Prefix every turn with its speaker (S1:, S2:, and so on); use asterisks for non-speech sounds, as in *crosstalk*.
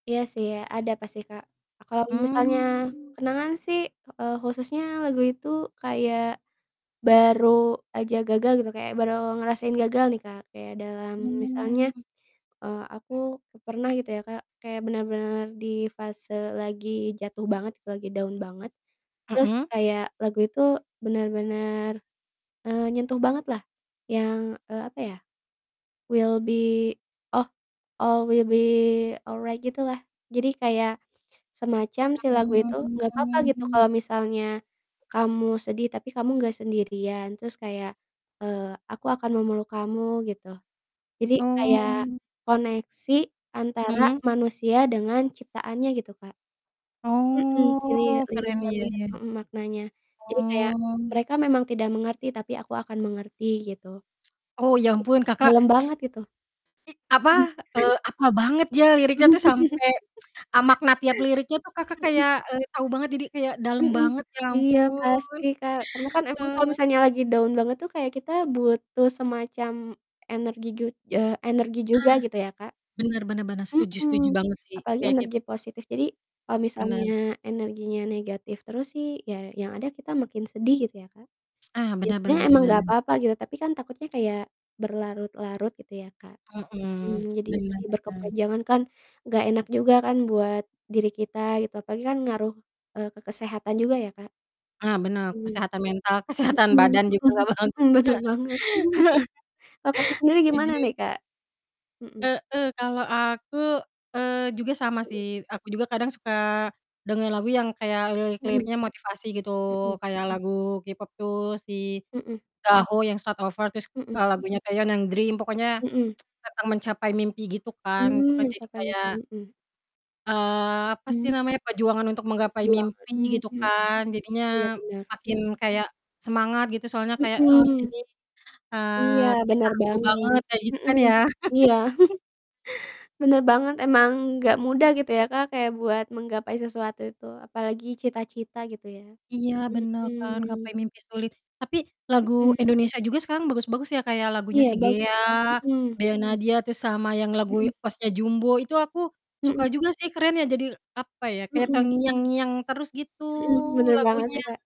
S1: Iya sih ya, ada pasti Kak kalau misalnya
S2: Mmm.
S1: kenangan sih, eee, khususnya lagu itu kayak baru aja gagal gitu kayak baru ngerasain gagal nih Kak, kayak dalam misalnya,
S2: Mmm.
S1: eee, aku pernah gitu ya Kak kayak bener-bener di fase lagi jatuh banget lagi down banget. Terus
S2: Mhm.
S1: kayak lagu itu bener-bener, eee, nyentuh bangetlah yang, eee, apa ya, will be oh, all will be alright, gitulah. Jadi kayak semacam si lagu itu, "Nggak papa gitu
S2: Mmm.
S1: kalau misalnya kamu sedih tapi kamu nggak sendirian." Terus kayak, eee, "Aku akan memeluk kamu," gitu. Jadi kayak
S2: Oh.
S1: koneksi antara
S2: Mhm.
S1: manusia dengan ciptaannya gitu Kak. Mhm,
S2: Oh.
S1: lirik-lirik
S2: Keren iya
S1: lagunya,
S2: iya.
S1: mhm, maknanya. Jadi kayak,
S2: Oh.
S1: "Mereka memang tidak mengerti, tapi aku akan mengerti," gitu.
S2: Oh ya ampun Kakak
S1: Dalam
S2: s
S1: banget itu.
S2: i apa,
S1: *chuckles*
S2: eee, hapal banget dia liriknya tuh
S1: *laughs*
S2: sampai,
S1: Mhm.
S2: *tsk* eee, makna tiap liriknya tuh Kakak kayak, eee, tau banget jadi kayak dalem
S1: Mhm,
S2: banget ya
S1: iya
S2: ampun,
S1: pasti Kak, karena kan emang kalo
S2: eee.
S1: misalnya lagi down banget tuh kayak kita butuh semacam energi jud eee, energi
S2: Ah,
S1: juga gitu ya Kak.
S2: bener bener bener. Setuju setuju
S1: Mhm,
S2: banget sih.
S1: apalagi
S2: Kayak kit
S1: energi positif, jadi kalo misalnya
S2: Bener.
S1: energinya negatif terus sih ya yang ada kita makin sedih gitu ya Kak.
S2: Ah,
S1: Ya,
S2: bener bener
S1: sebenernya
S2: bener
S1: emang gak
S2: bener.
S1: apa-apa gitu tapi kan takutnya kayak berlarut-larut gitu ya Kak. Mhm,
S2: Mhm, *tsk*
S1: jadi
S2: bener
S1: sedih
S2: bener.
S1: berkepanjangan kan gak enak juga kan buat diri kita gitu, apalagi kan ngaruh, eee, ke kesehatan juga ya Kak.
S2: Ah, benar
S1: Hmm.
S2: kesehatan mental, kesehatan
S1: Mhm
S2: badan juga
S1: mhm
S2: gak bagus.
S1: mhm, bener banget. *chuckles*
S2: *laughs*
S1: Kalau Kakak sendiri gimana
S2: Setuju.
S1: nih Kak? Mhm.
S2: Heeh, kalau aku, eee, juga sama
S1: Mhm.
S2: sih, aku juga kadang suka dengar lagu yang kayak
S1: Mhm.
S2: lirik-liriknya motivasi gitu.
S1: Mhm.
S2: kayak lagu K-pop tuh si
S1: Mhm.
S2: Gaho yang "Start Over," terus,
S1: Mhm.
S2: eee, lagunya Taeyeon yang "Dream," pokoknya
S1: Mhm.
S2: *tsk* tentang mencapai mimpi gitu kan, tuh
S1: Mmm,
S2: kan jadi
S1: pencapaian.
S2: kayak
S1: Mmm, mhm.
S2: eee, apa sih
S1: Mmm.
S2: namanya, perjuangan untuk menggapai
S1: Perjuangan.
S2: mimpi
S1: Mmm,
S2: gitu
S1: mhm.
S2: kan,
S1: Iya
S2: jadinya
S1: benar,
S2: makin
S1: mmm.
S2: kayak semangat gitu soalnya kayak, "Oh
S1: Mhm.
S2: ini,
S1: Iya
S2: eee, kisah
S1: bener
S2: aku
S1: banget.
S2: banget," kayak gitu kan
S1: Mhm.
S2: ya.
S1: Iya.
S2: *laughs*
S1: *chuckles* Bener banget emang. Nggak mudah gitu ya Kak kayak buat menggapai sesuatu itu, apalagi cita-cita gitu ya.
S2: Iya bener kan, gapai
S1: Mhm.
S2: mimpi sulit, tapi lagu
S1: Mhm.
S2: Indonesia juga sekarang bagus-bagus ya kayak lagunya
S1: Iya
S2: Si
S1: bagus.
S2: Gea,
S1: Mhm.
S2: Bernadya tuh sama yang lagu
S1: Mhm.
S2: OST-nya Jumbo itu aku suka
S1: Mhm.
S2: juga sih, keren ya, jadi apa ya, kayak
S1: Mhm.
S2: terngiang-ngiang terus gitu
S1: Mhm, bener banget sih
S2: lagunya.
S1: Kak.